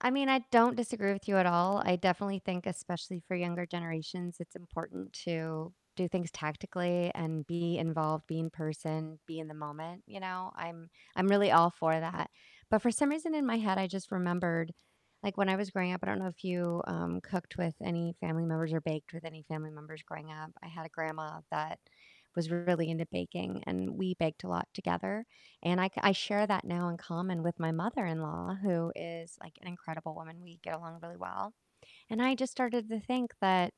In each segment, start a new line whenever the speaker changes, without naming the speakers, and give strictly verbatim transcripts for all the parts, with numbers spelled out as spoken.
I mean, I don't disagree with you at all, I definitely think especially for younger generations, it's important to do things tactically, and be involved, be in person, be in the moment, you know, I'm I'm really all for that, but for some reason in my head, I just remembered, like, when I was growing up I don't know if you, um, cooked with any family members, or baked with any family members growing up, I had a grandma that was really into baking, and we baked a lot together, and I ca I share that now in common with my mother-in-law, who is, like, an incredible woman, we get along really well, and I just started to think that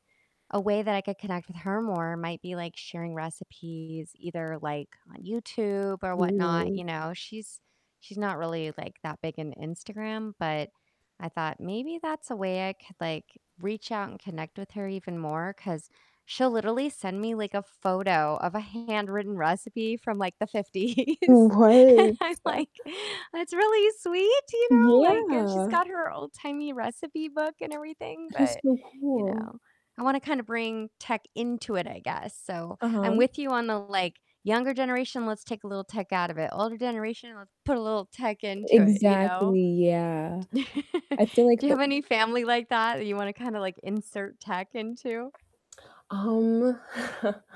a way that I could connect with her more might be, like, sharing recipes either, like, on YouTube or whatnot, you
Ooh.
know? She's she's not really, like, that big into Instagram, but I thought maybe that's a way I could, like, reach out and connect with her even more, 'cause she'll literally send me, like, a photo of a handwritten recipe from, like, the
No,
fifties, and I'm
what?
like, "That's really sweet, you know, like" and she's
Yeah.
got her old-timey recipe book and everything,
That is
but,
so
you
cool.
know, I wanna kinda bring tech into it, I guess, so I'm
Uh-huh.
with you on the, like, "Younger generation, let's take a little tech out of it. Older generation, let's put a little tech into it," you know?
Exactly, yeah. I feel
Do
like
you
the
have any family like that, that you wanna, kinda like, insert tech into?
Um,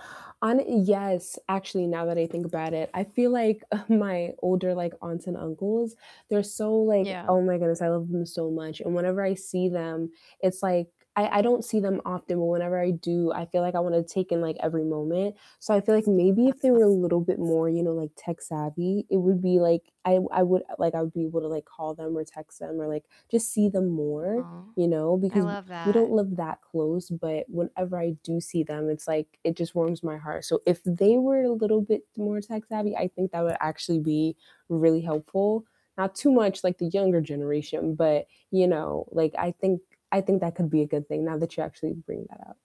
hon yes, actually, now that I think about it. I feel like, uh, my older, like, aunts and uncles, they're so like
Yeah.
Oh my goodness, I love them so much, and whenever I see them, it's like I I don't see them often, but whenever I do, I feel like I wanna take in, like, every moment, so I feel like maybe if they
Yeah.
were a little bit more, you know, like tech-savvy, it would be like I I would like I would be able to like call them or text them or, like, just see them more,
Aw,
you know?
I
Because
love
we don't
that.
live that close, but whenever I do see them, it's like it just warms my heart. So if they were a little bit more tech-savvy, I think that would actually be really helpful. Not too much like the younger generation, but, you know, like I think I think that could be a good thing now that you actually bring that up.